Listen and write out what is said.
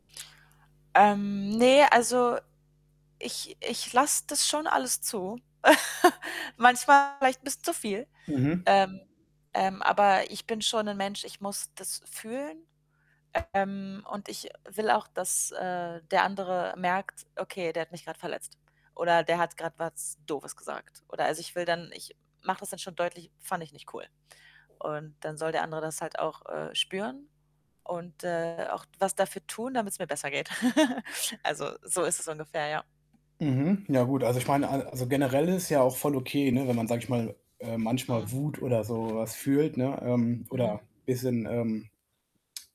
Ähm, ne, also ich ich lasse das schon alles zu. Manchmal vielleicht 'n bisschen zu viel. Mhm. Ähm, ähm, aber ich bin schon 'n Mensch, ich muss das fühlen. Ähm, und ich will auch, dass, äh, der andere merkt, okay, der hat mich grad verletzt. Oder der hat grad was Doofes gesagt. Oder also, ich will dann ich mache das dann schon deutlich: „Fand ich nicht cool.“ Und dann soll der andere das halt auch, äh, spüren und, äh, auch was dafür tun, damit's mir besser geht. Also, so ist es ungefähr, ja. Mhm. Ja gut, also ich meine, ein also generell ist ja auch voll okay, ne, wenn man, sage ich mal, äh, manchmal Mhm. Wut oder so was fühlt, ne, ähm, oder Mhm. bisschen, ähm